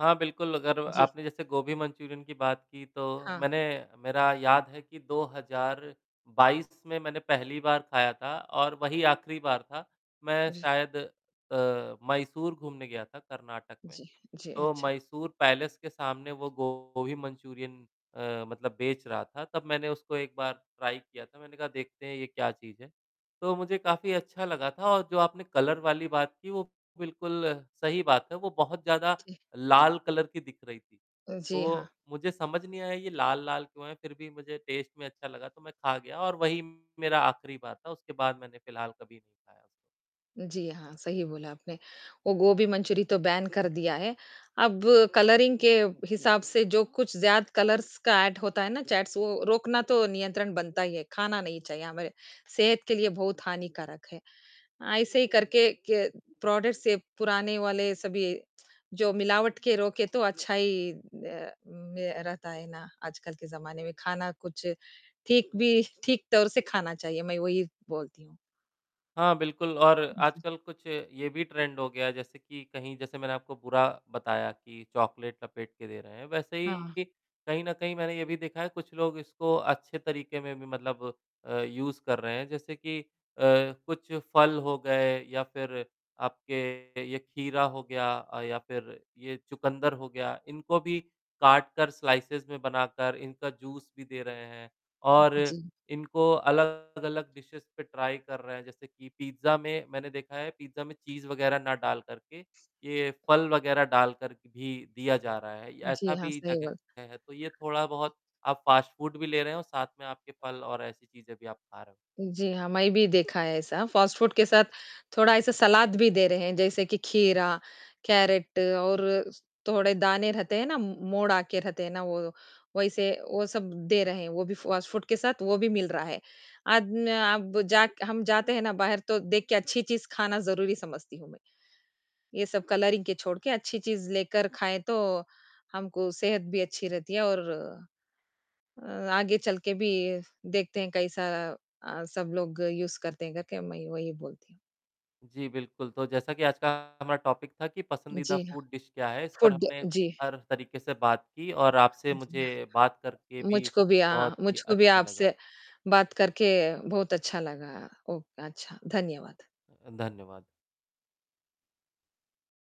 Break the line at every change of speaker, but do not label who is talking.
हाँ, बिल्कुल। अगर
जी।
आपने जैसे गोभी मंचूरियन की बात की, तो
हाँ।
मैंने मेरा याद है कि 2022 में मैंने पहली बार खाया था और वही आखिरी बार था। मैं
जी।
शायद अ, मैसूर घूमने गया था, कर्नाटक में।
जी, जी,
तो
अच्छा।
मैसूर पैलेस के सामने वो गोभी मंचूरियन अ, मतलब बेच रहा था। तब मैंने उसको एक बार ट्राई किया था। मैंने कहा, "देखते हैं, ये क्या चीज़ है।" तो मुझे काफ़ी अच्छा लगा था और जो आपने कलर वाली बात की, वो बिल्कुल सही बात है। वो बहुत ज़्यादा
जी।
लाल कलर की दिख रही थी,
अ, जी, हाँ।
वो मुझे समझ नहीं आया, ये लाल-लाल क्यों है? फिर भी मुझे टेस्ट में अच्छा लगा, तो मैं खा गया और वही मेरा आखिरी बार था। उसके बाद मैंने फिलहाल कभी नहीं खाया उसको।
जी हाँ, सही बोला आपने। वो गोभी मंचूरी तो बैन कर दिया है। अब कलरिंग के हिसाब से, जो कुछ ज़्यादा कलर्स का एड होता है ना, चैट्स वो रोकना तो नियंत्रण बनता ही है। खाना नहीं चाहिए, हमारे सेहत के लिए बहुत हानिकारक है। ऐसे ही करके क प्रोडक्ट्स से पुराने वाले सभी जो मिलावट के रोकें, तो अच्छा ही ना में रहता है ना, आजकल के ज़माने में, खाना कुछ ठीक भी ठीक तौर से खाना चाहिए। मैं वही बोलती हूँ।
हाँ, बिल्कुल, और
उ, जी।
आजकल कुछ ये भी ट्रेंड हो गया, जैसे कि कहीं जैसे मैंने आपको बुरा बताया कि चॉकलेट लपेट के दे रहे हैं। वैसे
हाँ।
ही, कहीं न कहीं, मैंने ये भी देखा है, कुछ लोग इसको अच्छे तरीके में भी मतलब अ, यूज़ कर रहे हैं। जैसे कि अ, कुछ फल हो गए या फिर आपके ये खीरा हो गया अ, या फिर ये चुकंदर हो गया, इनको भी काटकर, स्लाइसेस में बनाकर, इनका जूस भी दे रहे हैं,
उ,
और
हुँ जी।
इनको अलग-अलग डिशेज़ पे ट्राई कर रहे हैं। जैसे कि पिज़्ज़ा में मैंने देखा है, पिज़्ज़ा में चीज़ वगैरह ना डालकर के, ये फ़ल वगैरह डालकर क भी दिया जा रहा है।
जी,
ऐसा
हाँ,
भी
सही
जगह
बात।
है, तो ये थोड़ा बहुत आप फ़ास्ट फ़ूड भी ले रहे हो, साथ में आपके फल और ऐसी चीज़ें भी आप खा रहे हो।
जी, हाँ, मैं भी देखा है ऐसा। फ़ास्ट फ़ूड के साथ थोड़ा ऐसा सलाद भी दे रहे हैं, जैसे कि खीरा, कैरट और थोड़े दाने रहते हैं ना, मोड़ आके रहते हैं ना, वो, वैसे वो सब दे रहे हैं, वो भी फ़ास्ट फ़ूड के साथ वो भी मिल रहा है। अद न आब जाक हम जाते हैं ना बाहर, तो देख के अच्छी चीज़ खाना ज़रूरी समझती हूँ मैं। ये सब कलरिंग के छोड़ के अच्छी चीज़ लेकर खाएँ, तो हमको सेहत भी अच्छी रहती है और अ अ, आगे चल के भी देखते हैं, कैसा अ, सब लोग यूज़ करते हैं, करके मैं वही बोलती हूँ।
जी, बिल्कुल। तो जैसा कि आज का हमारा टॉपिक था कि पसंदीदा
जी, हाँ।
फ़ूड डिश क्या है। इस पर
फ़ूड
हमने
गया जी।
हर तरीके से बात की, और आपसे
उ, जी, हाँ।
मुझे बात करके भी
मुझको भी अ, हाँ।
बहुत ही
मुझको भी
अच्छा लगा।
आपसे बात करके बहुत अच्छा लगा। ओक अच्छा, धन्यवाद।
अ, धन्यवाद।